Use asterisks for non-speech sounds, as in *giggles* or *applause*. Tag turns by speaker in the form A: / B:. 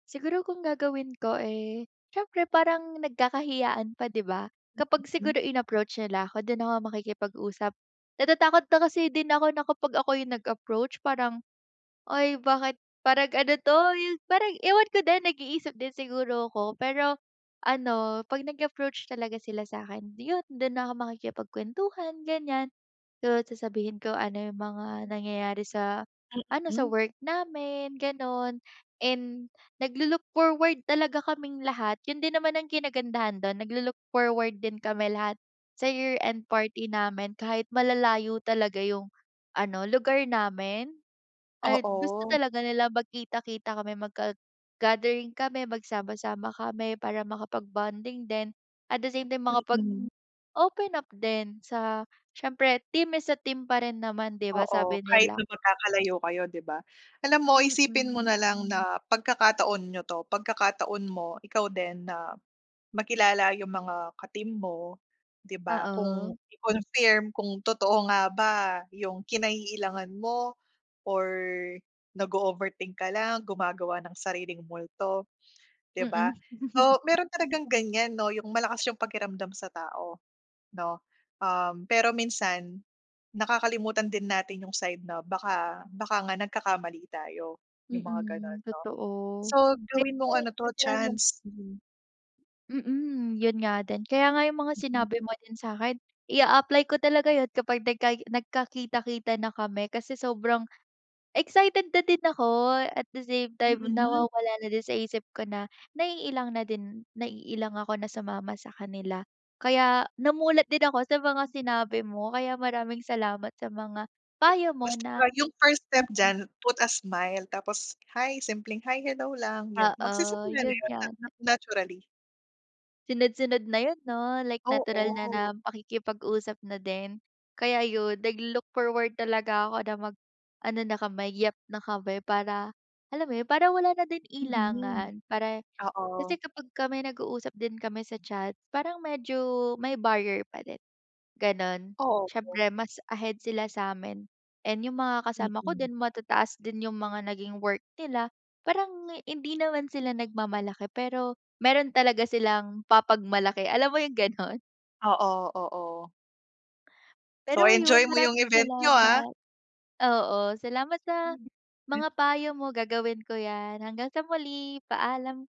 A: Siguro kung gagawin ko, eh, syempre parang nagkakahiyaan pa, di ba?
B: Hmm.
A: Kapag
B: Mm.
A: siguro inapproach nila ako, dun ako makikipag-usap. Natatakot na kasi din ako na ako yung nag-approach, parang, "Ay bakit, parang ano to?" Yung parang ewan ko din, nag-iisip din siguro ako. Pero ano, pag nag-approach talaga sila sa'kin yun, dun na ako makikipagkwentuhan, ganyan. So, sasabihin ko ano yung mga nangyayari sa,
B: Hmm.
A: ano sa
B: Mm.
A: work namin, ganun and naglo-look forward talaga kaming lahat. Yun din naman ang kinagandahan dun, naglo-look forward din kami lahat, sa year-end party namin. Kahit malalayo talaga yung ano, lugar namin? Ay, gusto
B: Oo.
A: talaga nilang magkita-kita kami, mag gad gathering kami, magsama-sama kami, para makapag-bonding din, at the same time,
B: Mm.
A: makapag-open up din sa syempre, "Team is a team." pa rin naman di ba,
B: Oo,
A: sabi
B: kahit
A: nila?
B: na magkakalayo kayo, di ba? Alam mo, isipin mo
A: Mm.
B: na lang na pagkakataon ninyo 'to, pagkakataon mo, ikaw din na, makilala yung mga ka-team mo, di ba? Kung
A: Oo.
B: i-confirm kung totoo nga ba, yung kinaiilangan mo or nag-o-overthink ka lang, gumagawa ng sariling multo, di
A: Mm.
B: ba?
A: *giggles*
B: So, meron talagang ganyan, no, yung malakas yung pakiramdam sa tao, no? Um, pero minsan, nakakalimutan din natin yung side na, baka baka nga nagkakamali tayo, yung mga ganon,
A: Mm,
B: no?
A: totoo.
B: So, gawin mong ano 'to
A: *unintelligible* talaga.
B: chance, mhm.
A: Mm, yun nga din, kaya nga yung mga
B: Mhm.
A: sinabi mo din sa'kin, i-aapply ko talaga yun, kapag nagkai nagkakita-kita na kami. Kasi sobrang excited na din ako at the same time
B: Mm.
A: nawawala na din sa isip ko na, naiilang na din, naiilang ako na sumama sa kanila. Kaya namulat din ako sa mga sinabi mo, kaya maraming salamat sa mga payo mo
B: Basta
A: na
B: wa yung first step
A: mm.
B: dyan, put a smile, tapos," Hi," simpleng, "Hi, hello" lang yun,
A: Oo,
B: magsisimula na
A: yun
B: yun na
A: yan.
B: na naturally.
A: Sunod-sunod na yun, no, like natural na na
B: Oo.
A: pakikipag-usap na din. Kaya yun, naglo-look forward talaga ako na mag-ano na kami, yep na kami, para alam mo yun? Para wala na din
B: Mm,
A: ilangan, para
B: oo.
A: kasi kapag kami nag-uusap din kami sa chat, parang medyo may barrier pa din, ganun.
B: Obo.
A: Syempre, mas ahead sila sa'min and yung mga kasama ko
B: Mm.
A: din, matataas din yung mga naging work nila, parang hindi naman sila nagmamalaki, pero meron talaga silang papagmalaki, alam mo yung ganun?
B: Oo, oo. So
A: Pero yun,
B: i-enjoy mo yung
A: maraming
B: event ninyo, ah!
A: salamat. Oo, salamat sa mga payo mo gagawin ko yan. Hanggang sa muli, paalam.